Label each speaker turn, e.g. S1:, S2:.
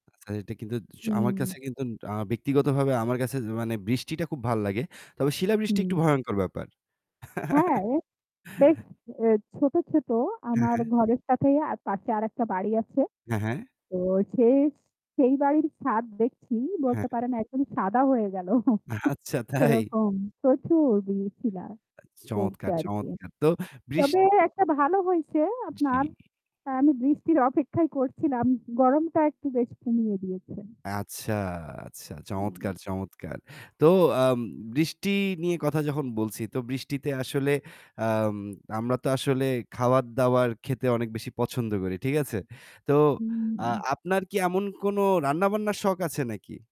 S1: আচ্ছা, এটা কিন্তু চ আমার
S2: হুম।
S1: কাছে কিন্তু আ ব্যক্তিগতভাবে আমার কাছে মানে বৃষ্টিটা খুব ভাল লাগে। তবে শিলা বৃষ্টি
S2: হুম।
S1: একটু ভয়ংকর ব্যাপার।
S2: হ্যাঁ। অ্যা বেশ অ্যা ছোট ছোট
S1: হ্যাঁ,
S2: আমার
S1: হ্যাঁ।
S2: ঘরের সাথেই আ পাশে আরেকটা বাড়ি আছে।
S1: হ্যাঁ, হ্যাঁ।
S2: তো সেই সেই বাড়ির ছাদ দেখছি বলতে
S1: হ্যাঁ।
S2: পারেন একদম সাদা হয়ে গেল।
S1: অ্যা আচ্ছা তাই।
S2: সেরকম প্রচুর বি শীলা পরছে
S1: চমৎকার,
S2: আর কি।
S1: চমৎকার তো বৃষ
S2: তবে একটা ভালো হইছে আপনার
S1: জি।
S2: আমি বৃষ্টির অপেক্ষাই করছিলাম। গরমটা একটু বেশ কমিয়ে দিয়েছে।
S1: আচ্ছা, আচ্ছা।
S2: উম
S1: চমৎকার, চমৎকার! তো আম বৃষ্টি নিয়ে কথা যখন বলছি তো বৃষ্টিতে আসলে আম আমরা তো আসলে খাবার-দাবার খেতে অনেক বেশি পছন্দ করি। ঠিক আছে? তো আ
S2: হুম।
S1: আপনার কি এমন কোন রান্নাবান্নার শখ আছে নাকি?